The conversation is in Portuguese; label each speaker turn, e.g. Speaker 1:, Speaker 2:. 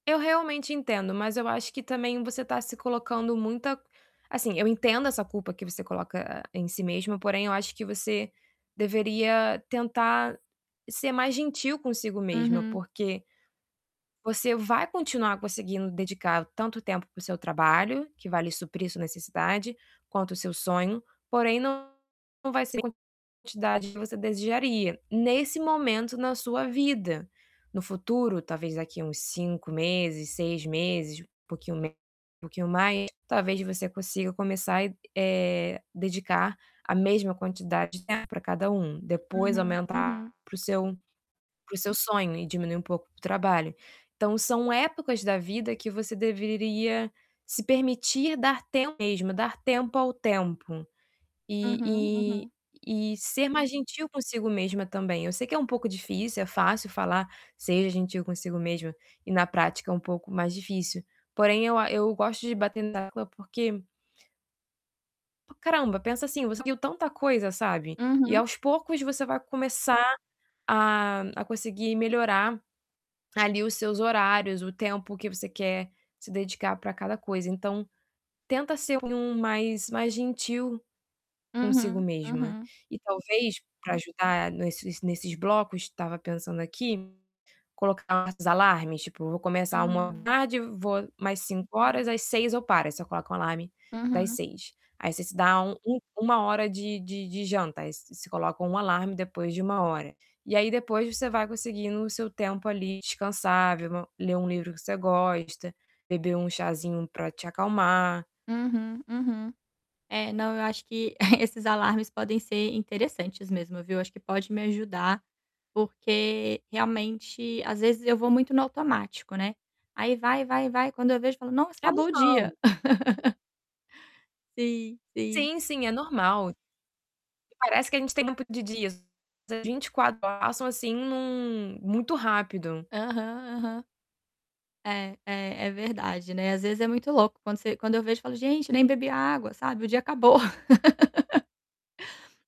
Speaker 1: Eu realmente entendo, mas eu acho que também você tá se colocando muita assim, eu entendo essa culpa que você coloca em si mesma, porém eu acho que você deveria tentar ser mais gentil consigo mesma,
Speaker 2: Uhum.
Speaker 1: porque você vai continuar conseguindo dedicar tanto tempo para o seu trabalho, que vai lhe suprir sua necessidade, quanto o seu sonho, porém não não vai ser quantidade que você desejaria, nesse momento na sua vida. No futuro, talvez daqui uns 5 meses, 6 meses, um pouquinho me um pouquinho mais, talvez você consiga começar, eh, dedicar a mesma quantidade de tempo para cada um, depois
Speaker 2: Uhum, uhum.
Speaker 1: aumentar para o seu para o seu sonho e diminuir um pouco o trabalho. Então são épocas da vida que você deveria se permitir dar tempo mesma, dar tempo ao tempo e
Speaker 2: Uhum,
Speaker 1: e
Speaker 2: uhum.
Speaker 1: e ser mais gentil consigo mesma também. Eu sei que é um pouco difícil, é fácil falar: "Seja gentil consigo mesma", e na prática é um pouco mais difícil. Porém eu a eu gosto de bater na tecla porque P caramba, pensa assim, você viu tanta coisa, sabe. E
Speaker 2: Uhum.
Speaker 1: aos poucos você vai começar a a conseguir melhorar ali os seus horários, o tempo que você quer se dedicar para cada coisa. Então tenta ser [unintelligible] mais mais gentil consigo
Speaker 2: Uhum.
Speaker 1: mesma.
Speaker 2: Uhum.
Speaker 1: E talvez para ajudar nesses nesses blocos, tava pensando aqui, colocar uns alarmes, tipo vou começar uma da
Speaker 2: Hum.
Speaker 1: tarde vou mais 5 horas, às 18:00 eu paro, aí você coloca um alarme das
Speaker 2: Uhum.
Speaker 1: 18:00. Aí você se dá um um 1 hora de de de jantas, aí você você coloca um alarme depois de 1 hora. E aí depois você vai conseguindo o seu tempo ali, descansar, ver uma ler um livro que você gosta, beber um chazinho para te acalmar.
Speaker 2: Uhum, uhum. É, não, eu acho que esses alarmes podem ser interessantes mesmo, viu. Acho que pode me ajudar, porque, realmente, às vezes eu vou muito no automático, né. Aí vai, vai, vai, quando eu vejo falo: "Nossa,
Speaker 1: É
Speaker 2: acabou o
Speaker 1: normal.
Speaker 2: dia". Sim, sim.
Speaker 1: Sim, sim, é normal. Parece que a gente tem tempo de dias, mas as 24 [unintelligible] passam assim num muito rápido.
Speaker 2: Aham, aham. É. É. É verdade, né. Às vezes é muito louco, quando você quando eu vejo eu falo: "Gente, nem bebi água", sabe? O dia acabou.